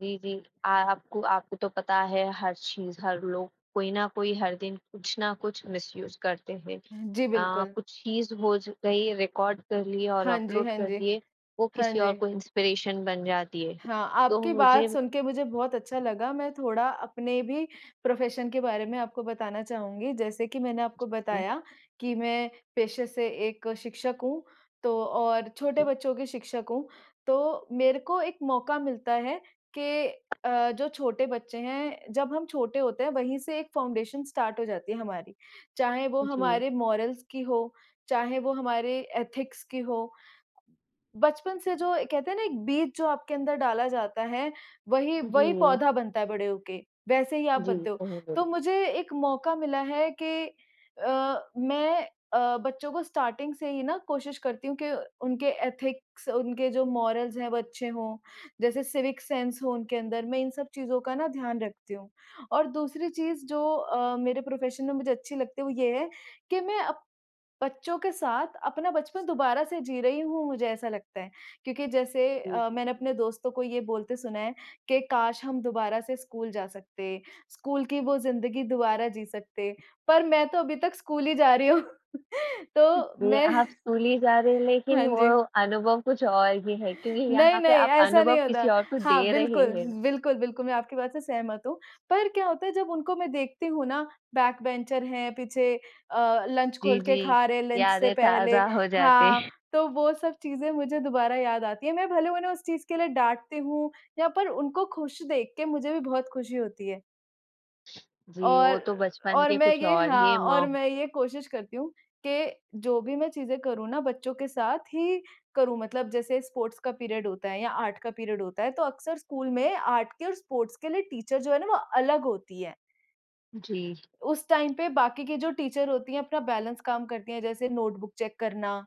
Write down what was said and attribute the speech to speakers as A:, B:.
A: जी, जी। अ, आपको आपको तो पता है, हर चीज़, हर लोग, कोई न कोई, हर दिन कुछ न कुछ मिसयूज़ करते हैं।
B: हुँ जी,
A: अ,
B: बिल्कुल।
A: कुछ चीज़ हो ज गई, रिकार्ड कर ली और
B: हाँ जी,
A: अपलोड
B: हाँ
A: कर
B: जी।
A: दिए। वो
B: हाँ
A: किसी और
B: जी।
A: को इंस्पिरेशन बन जाती है।
B: हाँ,
A: तो
B: आपकी
A: मुझे
B: बात सुनके मुझे बहुत अच्छा लगा। मैं थोड़ा अपने भी प्रोफ़ेशन के बारे में आपको बताना चाहूँगी। जैसे कि मैंने आपको
A: हुँ।
B: बताया कि मैं पेशे से एक शिक्षक हूँ, तो और छोटे बच्चों की शिक्षक हूँ। तो मेरे को एक मौका मिलता है कि अ, जो छोटे बच्चे हैं जब हम छोटे होते हैं, वहीं से एक फाउंडेशन स्टार्ट हो जाती है हमारी, चाहे वो
A: उ, जी।
B: हमारे मोरल्स की हो, चाहे वो हमारे एथिक्स की हो। अ, बचपन से, जो कहते हैं ना, एक बीज जो आपके अंदर डाला जाता है, वही
A: उ,
B: वही
A: जी।
B: पौधा बनता है बड़े होके। वैसे ही आप
A: जी,
B: बनते हो।
A: सही
B: तो
A: बोले।
B: मुझे एक मौका मिला है कि अ, मैं अ, बच्चों को स्टार्टिंग से ही ना, कोशिश करती हूँ कि उनके एथिक्स, उनके जो मोरल्स हैं, वो अच्छे हों। जैसे सिविक सेन्स हो उनके अंदर, मैं इन सब चीज़ों का ना ध्यान रखती हूँ। और दूसरी चीज़, जो अ, मेरे प्रोफ़ेशन में मुझे अच्छी लगती है, वो ये है कि मैं अप बच्चों के साथ अपना बचपन दोबारा से जी रही हूँ, मुझे ऐसा लगता है। क्योंकि जैसे
A: हुँ,
B: अ, मैंने अपने
A: हुँ।
B: दोस्तों को ये बोलते सुना है कि, "काश हम दोबारा से स्कूल जा सकते, स्कूल की वो ज़िंदगी दोबारा जी सकते।" पर मैं तो अभी तक स्कूल ही जा रही हूँ,
A: उ,
B: तो
A: जी,
B: मैं
A: आप स्कूल ही जा रहे, लेकिन
B: हाँ
A: वो
B: जी।
A: अनुभव कुछ और ही है, क्योंकि
B: नहीं,
A: यहाँ पे
B: नहीं,
A: आप
B: ऐसा
A: अनुभव
B: नहीं
A: किसी
B: होता।
A: और को
B: हाँ,
A: दे रहे
B: बिल्कुल,
A: हैं।
B: बिल्कुल, बिल्कुल, मैं आपकी बात से सहमत हूँ। पर क्या होता है, जब उनको मैं देखती हूँ ना, बैकबेंचर हैं, पीछे अ, लंच
A: जी,
B: खोल के
A: जी,
B: खा रहे हैं, लंच से
A: यादें
B: पहले
A: ताज़ा हो जाते।
B: हाँ, तो वो सब चीज़ें मुझे दोबारा याद आती हैं। मैं भले उन्हें उस चीज़ के लिए डाँटती हूँ, या पर उनको खुश देख के मुझे भी बहुत खुशी होती है।
A: जी, वो
B: और
A: तो बचपन
B: और
A: के
B: मैं
A: कुछ
B: ये
A: और ही
B: हाँ,
A: म
B: और मैं ये कोशिश करती हूँ कि जो भी मैं चीज़ें करूँ ना, बच्चों के साथ ही करूँ। मतलब जैसे स्पोर्ट्स का पीरियड होता है या आर्ट का पीरियड होता है, तो अक्सर स्कूल में आर्ट के और स्पोर्ट्स के लिए टीचर, जो है ना, वो अलग होती है।
A: जी।
B: उस टाइम पे बाकी की जो टीचर होती हैं, अपना बैलेंस काम करती हैं, जैसे नोटबुक चेक करना।